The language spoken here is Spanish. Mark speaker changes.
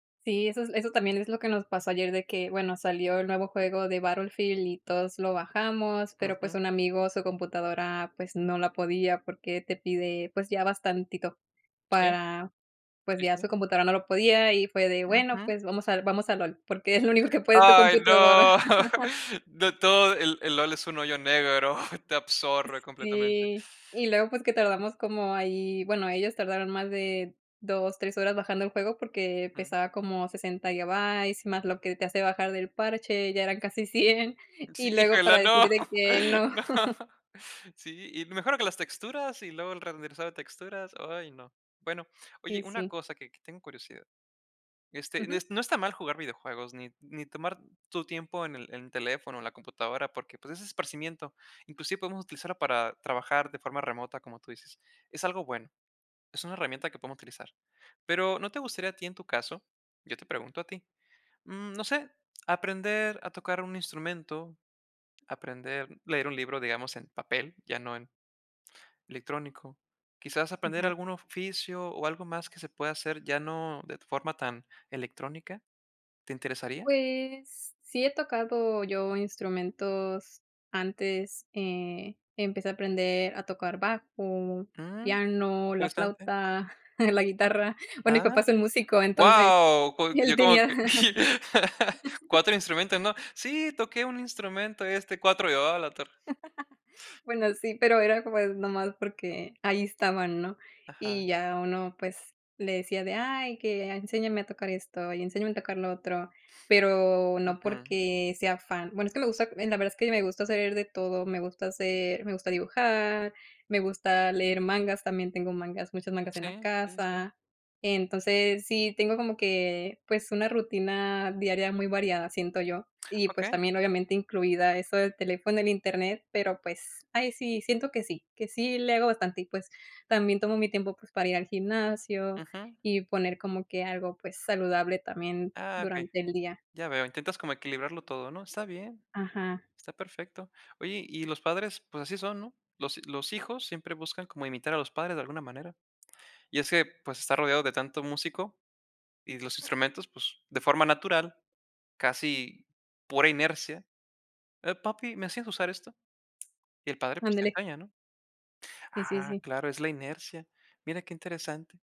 Speaker 1: Sí, esos eso también, es lo que nos pasó ayer de que, bueno, salió el nuevo juego de Battlefield, y todos lo bajamos. Pero, pues,
Speaker 2: Ujú.
Speaker 1: un amigo, su computadora, pues, no la podía porque te pide, pues, ya bastantito,
Speaker 2: Sí.
Speaker 1: para pues,
Speaker 2: Y,
Speaker 1: ya su
Speaker 2: sí
Speaker 1: computadora no lo podía. Y fue de, bueno,
Speaker 2: Ujú.
Speaker 1: pues, vamos al vamos a LOL, porque es lo único que puede tu
Speaker 2: ¡Ay
Speaker 1: computadora.
Speaker 2: no! De todo, el el LOL es un hoyo negro, te
Speaker 1: S
Speaker 2: absorbe completamente.
Speaker 1: sí, y luego, pues, que tardamos como ahí bueno, ellos tardaron más de 2, 3 horas bajando el juego, porque,
Speaker 2: Mm.
Speaker 1: pesaba como 60 gigabytes, más lo que te hace bajar del parche, ya eran casi 100,
Speaker 2: Sí,
Speaker 1: y luego para
Speaker 2: híjole,
Speaker 1: decir
Speaker 2: no,
Speaker 1: de que no.
Speaker 2: no Sí, y mejor que las texturas, y luego el renderizado de texturas. Ay, no. Bueno,
Speaker 1: Y
Speaker 2: oye, una
Speaker 1: sí.
Speaker 2: cosa que que tengo curiosidad. Este, en
Speaker 1: Ujú.
Speaker 2: es no está mal jugar videojuegos, ni ni tomar tu tiempo, en el en el teléfono o la computadora, porque, pues, es esparcimiento. Inclusive, podemos utilizarlo para trabajar de forma remota, como tú dices. Es algo bueno. Es una herramienta que podemos utilizar. Pero, ¿no te gustaría a ti en tu caso? Yo te pregunto a ti, mm, no sé, ¿aprender a tocar un instrumento, aprender leer un libro, digamos, en papel?, ya no en electrónico. ¿Quizás aprender
Speaker 1: Ujú.
Speaker 2: algún oficio, o, algo más que se pueda hacer, ya no de forma tan electrónica? ¿Te interesaría?
Speaker 1: Pues, sí he tocado yo instrumentos antes. Eh, empecé a aprender a tocar bajo,
Speaker 2: Mm.
Speaker 1: piano, la
Speaker 2: Interesante.
Speaker 1: flauta la guitarra. Bueno, mi
Speaker 2: Ah,
Speaker 1: papá es el músico, entonces
Speaker 2: ¡guau! Co
Speaker 1: y
Speaker 2: yo
Speaker 1: él
Speaker 2: como
Speaker 1: tenía
Speaker 2: que, 4 instrumentos, ¿no? Sí, toqué un instrumento, y este, 4, ah, a la torre.
Speaker 1: Bueno, sí, pero era, pues, nomás porque ahí estaban, ¿no?
Speaker 2: Ajá.
Speaker 1: Y ya uno, pues, le decía de: "Ay, que enséñame a tocar esto, y enséñame a tocar lo otro", pero no
Speaker 2: Ujú.
Speaker 1: porque, sea fan. Bueno, es que me gusta en la verdad es que me gusta saber de todo. Me gusta hacer me gusta dibujar, me gusta leer mangas, también tengo mangas, muchos mangas en la
Speaker 2: Sí, sí, sí.
Speaker 1: casa. Entonces, sí tengo como que, pues, una rutina diaria muy variada, siento yo, y, pues,
Speaker 2: Okey.
Speaker 1: también, obviamente, incluida eso del teléfono, el Internet, pero, pues, ahí sí, siento que sí, que sí le hago bastante y, pues, también tomo mi tiempo, pues, para ir al gimnasio
Speaker 2: Ujú.
Speaker 1: y poner como que algo, pues, saludable también
Speaker 2: Ah, okey.
Speaker 1: durante el día.
Speaker 2: Ya veo, intentas como equilibrarlo todo, ¿no? Está bien,
Speaker 1: Ajá.
Speaker 2: está perfecto. Oye, y los padres, pues así son, ¿no? Los los hijos siempre buscan cómo imitar a los padres de alguna manera, y es que, pues, estar rodeado de tanto músico, y los instrumentos, pues, de forma natural, casi pura inercia. Eh, "papi, ¿me enseñas a usar esto?". Y el padre, pues, te
Speaker 1: Ándele.
Speaker 2: enseña, ¿no?
Speaker 1: Sí, sí,
Speaker 2: Ah,
Speaker 1: sí.
Speaker 2: claro, es la inercia. Mira qué interesante.